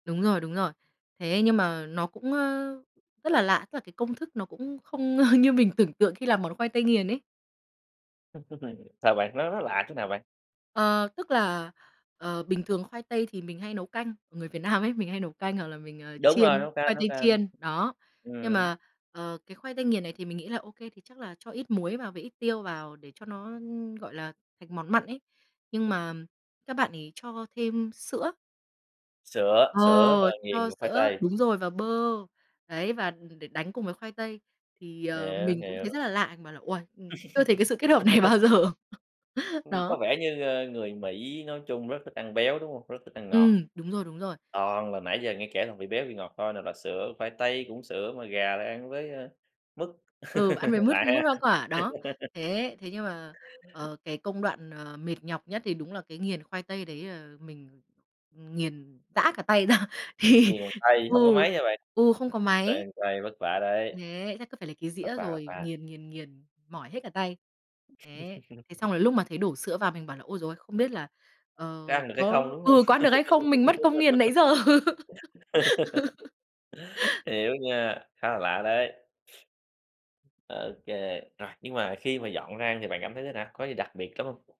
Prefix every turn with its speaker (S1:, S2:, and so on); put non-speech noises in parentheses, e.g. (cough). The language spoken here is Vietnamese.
S1: Đúng rồi, đúng rồi. Thế nhưng mà nó cũng, ơ, rất là lạ, tức là cái công thức nó cũng không, ơ, như mình tưởng tượng khi làm món khoai tây nghiền ấy.
S2: (unintelligible) Sao bạn? Nó nó lạ chỗ nào bạn?
S1: Ờ, tức là, ờ, bình thường khoai tây thì mình hay nấu canh, người Việt Nam ấy, mình hay nấu canh hoặc là mình, ờ,
S2: Đúng rồi,
S1: chiên,
S2: nấu
S1: khoai
S2: canh, nấu
S1: tây
S2: canh.
S1: chiên, đó. Nhưng
S2: Ừm.
S1: mà, ờ, cái khoai tây nghiền này thì mình nghĩ là "Ô kê thì chắc là cho ít muối vào với ít tiêu vào để cho nó, ưm, gọi là, thành món mặn ấy," nhưng mà, các bạn ấy cho thêm sữa.
S2: Sữa, sữa và
S1: Ờ, cho
S2: nghiền cục khoai
S1: sữa
S2: tây.
S1: đúng rồi và bơ, đấy, và đ đ để đánh cùng với khoai tây thì, ờ,
S2: Hiểu,
S1: mình cũng thấy
S2: hiểu.
S1: rất là lạ, mình bảo là "Uầy! Ưm, chưa thấy cái sự kết hợp này bao giờ."
S2: (laughs) Ừm, có
S1: Đó.
S2: vẻ như, ơ, người Mỹ nói chung rất thích ăn béo, đúng hông? Rất thích ăn ngọt,
S1: Ừm, đúng rồi, đúng rồi.
S2: toàn là nãy giờ nghe kể toàn vị béo, vị ngọt thôi, nào là sữa, khoai tây cũng sữa, mà gà lại ăn với, ơ, mứt,
S1: Ừ, ăn với
S2: (laughs)
S1: mứt,
S2: lạ ha.
S1: mứt hoa quả, đó. Thế thế nhưng mà,
S2: (laughs)
S1: ờ, cái công đoạn, ờ, mệt nhọc nhất thì đúng là cái nghiền khoai tây đấy là mình nghiền rã cả tay ra, thì
S2: Nghiền bằng tay hông có
S1: ừ,
S2: máy hả bạn?
S1: ừ, không có máy.
S2: Đang tay, vất vả đấy.
S1: Thế chắc cứ phải lấy cái
S2: Vất
S1: dĩa
S2: vả, vất
S1: rồi,
S2: vả.
S1: nghiền, nghiền, nghiền, mỏi hết cả tay. Thế thế xong
S2: (laughs)
S1: là lúc mà thấy đổ sữa vào mình bảo là "Ôi giời ơi! Không biết là, ờ,
S2: Có ăn được hay
S1: có"
S2: không, đúng hông?
S1: ừ, "có ăn được hay không? Mình mất công nghiền nãy giờ."
S2: (laughs)
S1: (laughs)
S2: Hiểu nha, khá là lạ đấy! Ô kê, rồi, nhưng mà khi mà dọn ra ăn thì bạn cảm thấy thế nào, có gì đặc biệt trỏng hông?